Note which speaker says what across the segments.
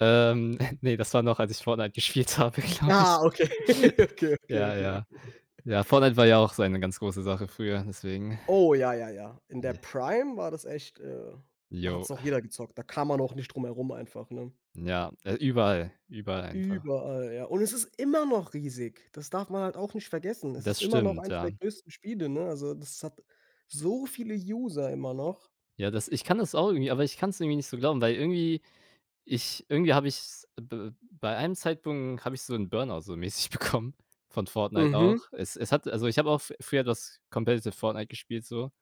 Speaker 1: Ähm,, ne, das war noch, als ich Fortnite gespielt habe, glaube ich.
Speaker 2: Ah, okay. Okay, okay,
Speaker 1: Ja,
Speaker 2: okay, okay.
Speaker 1: ja. Ja, Fortnite war ja auch so eine ganz große Sache früher, deswegen,
Speaker 2: Oh, ja, ja, ja. In der
Speaker 1: ne?
Speaker 2: Prime war das echt, äh, da hat's
Speaker 1: Jo.
Speaker 2: noch jeder gezockt. Da kam man auch nicht drum herum einfach, ne?
Speaker 1: Ja, äh, überall, überall einfach.
Speaker 2: Überall, ja. Und es ist immer noch riesig. Das darf man halt auch nicht vergessen. Es ist
Speaker 1: Das
Speaker 2: immer noch
Speaker 1: stimmt,
Speaker 2: 1 der
Speaker 1: ja.
Speaker 2: größten Spiele, ne? Also, das hat so viele User immer noch.
Speaker 1: Ja, das ich kann das auch irgendwie aber ich kann's irgendwie nicht so glauben, weil irgendwie ich irgendwie habe ich's b bei einem Zeitpunkt habe ich so 'n Burnout so mäßig bekommen von Fortnite auch.
Speaker 2: Mhm.
Speaker 1: Es es hat also, ich habe auch f früher das competitive Fortnite gespielt so,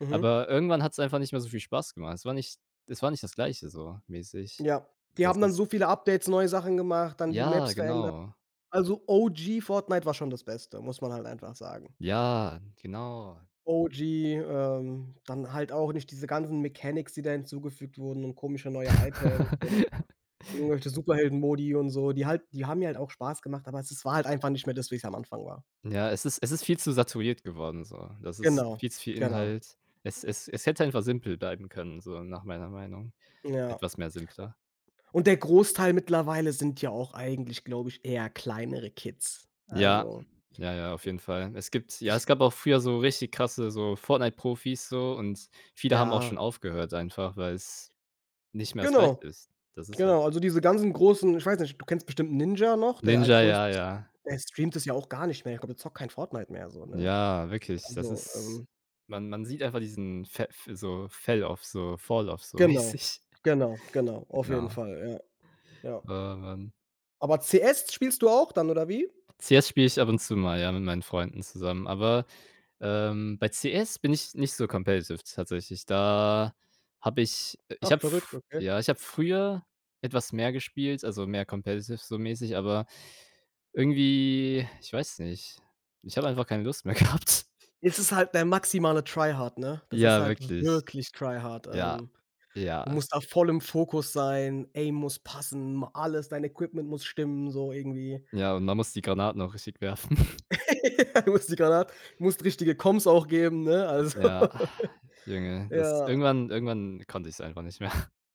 Speaker 2: Mhm.
Speaker 1: aber irgendwann hat's einfach nicht mehr so viel Spaß gemacht. Es war nicht es war nicht das Gleiche so mäßig.
Speaker 2: Ja. Die
Speaker 1: Das
Speaker 2: haben dann so
Speaker 1: ist
Speaker 2: viele Updates, neue Sachen gemacht, dann die
Speaker 1: Ja,
Speaker 2: Maps verändert.
Speaker 1: genau.
Speaker 2: Also, OG Fortnite war schon das Beste, muss man halt einfach sagen.
Speaker 1: Ja, genau.
Speaker 2: OG, ähm, dann halt auch nicht diese ganzen Mechanics, die da hinzugefügt wurden und komische neue Items und irgendwelche Superhelden-Modi und so. Die halt die haben mir halt auch Spaß gemacht, aber es es war halt einfach nicht mehr das, wie's am Anfang war.
Speaker 1: Ja, es ist es ist viel zu saturiert geworden so. Das ist
Speaker 2: Genau,
Speaker 1: viel zu viel
Speaker 2: genau.
Speaker 1: Inhalt. Es es es hätte einfach simpel bleiben können, so nach meiner Meinung,
Speaker 2: Ja.
Speaker 1: etwas mehr simpler.
Speaker 2: U und der Großteil mittlerweile sind ja auch eigentlich, glaube ich, eher kleinere Kids,
Speaker 1: Ja.
Speaker 2: also,
Speaker 1: Ja, ja, auf jeden Fall. Es gibt
Speaker 2: äh,
Speaker 1: ja,
Speaker 2: ich
Speaker 1: es gab auch früher so richtig krasse so Fortnite-Profis so und viele haben auch
Speaker 2: Ja.
Speaker 1: schon aufgehört einfach, weil's nicht mehr das Gleiche
Speaker 2: Genau.
Speaker 1: ist. Das ist halt
Speaker 2: Genau, also, diese ganzen großen ich weiß nicht, du kennst bestimmt Ninja noch, der
Speaker 1: Ninja,
Speaker 2: allgrößte
Speaker 1: ja, ja, da
Speaker 2: er streamt das ja auch gar nicht mehr. Ich glaube, der zockt kein Fortnite mehr so, ne?
Speaker 1: Ja, wirklich, das
Speaker 2: Also,
Speaker 1: ist
Speaker 2: ähm
Speaker 1: Man, man sieht einfach diesen Verf so Fell off, so Fall off so
Speaker 2: Genau,
Speaker 1: mäßig.
Speaker 2: genau, genau. Auf jeden
Speaker 1: Genau.
Speaker 2: Fall, ja. Ja.
Speaker 1: Oh Mann.
Speaker 2: Aber CS spielst du auch dann oder wie?
Speaker 1: CS spiele ich ab und zu mal, ja, mit meinen Freunden zusammen, aber, ähm, bei CS bin ich nicht so competitive tatsächlich. Da habe ich äh, ich
Speaker 2: Ach,
Speaker 1: habe
Speaker 2: verrückt,
Speaker 1: f
Speaker 2: okay.
Speaker 1: ja, ich habe früher etwas mehr gespielt, also, mehr competitive so mäßig, aber irgendwie ich weiß nicht, ich habe einfach keine Lust mehr gehabt.
Speaker 2: Es ist halt der maximale Tryhard, ne? Das ist
Speaker 1: Ja,
Speaker 2: halt
Speaker 1: wirklich.
Speaker 2: wirklich Tryhard.
Speaker 1: Ja,
Speaker 2: Ähm,
Speaker 1: ja,
Speaker 2: du musst
Speaker 1: es
Speaker 2: da voll im Fokus sein, Aim muss passen, ma alles dein Equipment muss stimmen, so irgendwie.
Speaker 1: Ja, und man muss die Granaten auch richtig werfen.
Speaker 2: Man muss die Granat musst richtige Coms auch geben, ne? Also
Speaker 1: Ja, Junge, das
Speaker 2: Ja.
Speaker 1: irgendwann irgendwann konnte ich's einfach nicht mehr.